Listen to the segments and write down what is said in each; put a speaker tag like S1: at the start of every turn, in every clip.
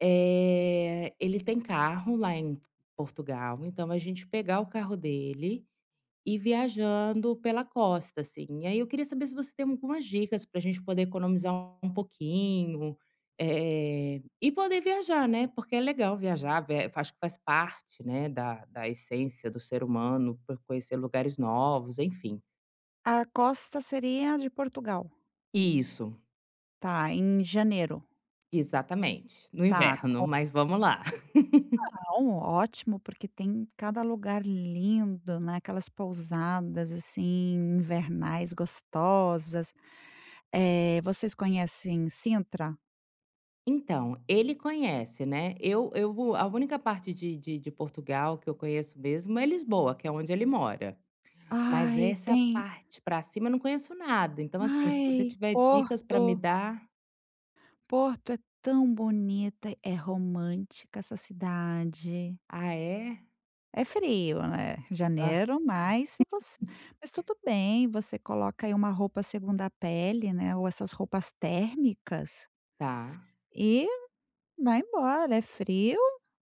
S1: Eh, ele tem carro lá em Portugal, então a gente pegar o carro dele, ir viajando pela costa, assim. Aí eu queria saber se você tem algumas dicas pra gente poder economizar um pouquinho, eh, e poder viajar, né. Porque é legal viajar, vê, eh eu acho que faz parte, né, da da essência do ser humano por conhecer lugares novos, enfim.
S2: A costa seria de Portugal?
S1: Isso.
S2: Tá, em janeiro?
S1: Exatamente, no
S2: Tá,
S1: inverno,
S2: com
S1: mas vamos lá.
S2: Não. Ótimo, porque tem cada lugar lindo. né. Aquelas pousadas assim invernais gostosas. Eh, vocês conhecem Cintra?
S1: Então, ele conhece, né. Eu eu vou a única parte de de de Portugal que eu conheço mesmo é Lisboa, que é onde ele mora. Mas
S2: Ai,
S1: essa
S2: tem.
S1: parte pra cima eu não conheço nada. Então, assim, se você
S2: Ai,
S1: tiver dicas pra me
S2: Porto.
S1: dar.
S2: Porto é tão bonita. É romântica essa cidade.
S1: Ah, é?
S2: É frio, né,
S1: Hã.
S2: janeiro, mas se eu fosse mas tudo bem. Você coloca aí uma roupa segunda pele, né, ou essas roupas térmicas
S1: Tá.
S2: e vai embora. É frio,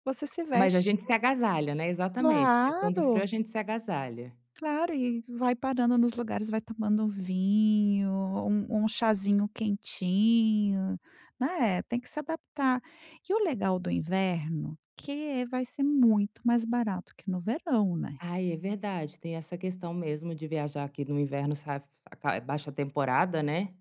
S2: você se
S1: Mas a
S2: veste
S1: gente se agasalha, né. Exatamente, questão do frio
S2: Claro.
S1: a gente se agasalha.
S2: Claro, e e vai parando nos lugares, vai tomando vinho, um um chazinho quentinho, né. Tem que se adaptar. Que o legal do inverno, que é vai ser muito mais barato que no verão, né.
S1: Ai, é verdade. Tem essa questão mesmo de viajar aqui no inverno, sabe, sai ca é baixa temporada, né.